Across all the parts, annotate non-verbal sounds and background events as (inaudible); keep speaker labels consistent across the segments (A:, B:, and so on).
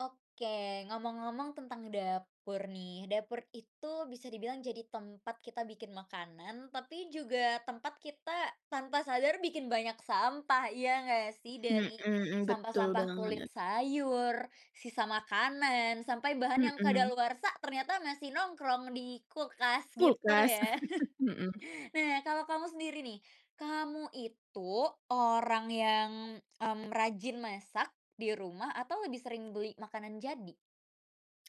A: Oke, ngomong-ngomong tentang dapur nih, dapur itu bisa dibilang jadi tempat kita bikin makanan, tapi juga tempat kita tanpa sadar bikin banyak sampah, iya enggak sih?
B: Mhm
A: Dari
B: mhm, betul
A: sampah-sampah kulit
B: banget.
A: sayur, sisa makanan, sampai bahan yang
B: Mhm.
A: kadaluarsa ternyata masih nongkrong di kulkas, gitu
B: Kulkas,
A: ya.
B: (chuckles) mhm.
A: (chuckles) Nah, kalau kamu sendiri nih, kamu itu orang yang, mmm, rajin masak di rumah atau lebih sering beli makanan jadi?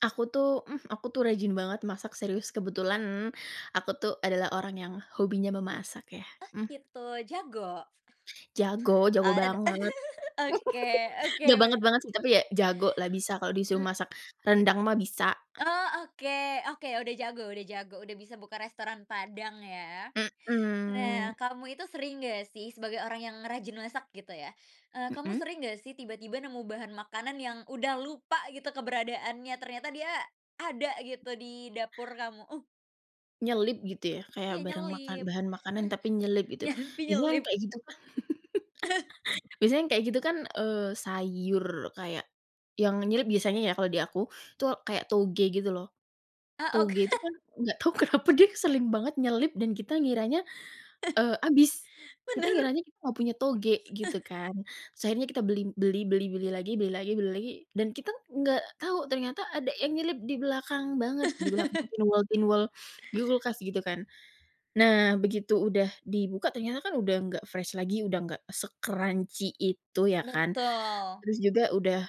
B: Aku tuh, mmm, aku tuh rajin banget masak serius, kebetulan aku tuh adalah orang yang hobinya memasak ya,
A: Oh,
B: mmm.
A: gitu, jago?
B: Jago
A: O
B: jago banget.
A: (laughs) oke
B: (laughs)
A: oke,
B: Nggak
A: bener.
B: banget-banget sih, tapi ya, jago lah, bisa kalau disuruh
A: Mmm
B: masak rendang mah, bisa.
A: Oh, oke oke, udah jago udah jago, udah bisa buka restoran padang, ya.
B: Mhm.
A: Nah, kamu itu sering nggak sih sebagai orang yang rajin masak, gitu ya, eee, kamu
B: Mhm.
A: sering nggak sih tiba-tiba nemu bahan makanan yang udah lupa gitu keberadaannya, ternyata dia ada gitu di dapur kamu? Uh.
B: Nyelip gitu ya, kayak
A: Iya,
B: barang makan
A: nyelip.
B: bahan makanan,
A: Eh.
B: tapi nyelip gitu,
A: Nyampi
B: biasanya yang
A: nyelip.
B: kayak gitu, kan
A: (laughs)
B: (laughs) Biasanya yang kayak gitu kan, eee, sayur kayak yang nyelip biasanya ya kalau di aku itu kayak toge, gitu loh.
A: Ah, oke.
B: Toge itu kan nggak tahu kenapa dia sering banget nyelip dan kita ngiranya,
A: (laughs)
B: eee, habis, kita
A: Bener.
B: ngiranya kita nggak punya toge, gitu
A: (laughs)
B: kan. Terus akhirnya kita beli beli beli beli lagi beli lagi beli lagi dan kita enggak tahu ternyata ada yang nyelip di belakang banget, di belakang
A: (laughs)
B: pinwall-pinwall, di kulkas, gitu kan. Nah, begitu udah dibuka, ternyata kan udah enggak fresh lagi, udah enggak se-crunchy itu, ya kan,
A: Betul.
B: terus juga udah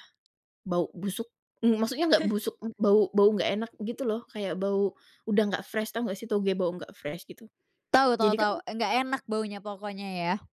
B: bau busuk, maksudnya nggak
A: (laughs)
B: busuk, bau bau nggak enak, gitu loh, kayak bau udah nggak fresh, tahu nggak sih, toge bau nggak fresh gitu,
A: Tau tau
B: jadi
A: tau,
B: kan
A: enggak enak baunya pokoknya, ya?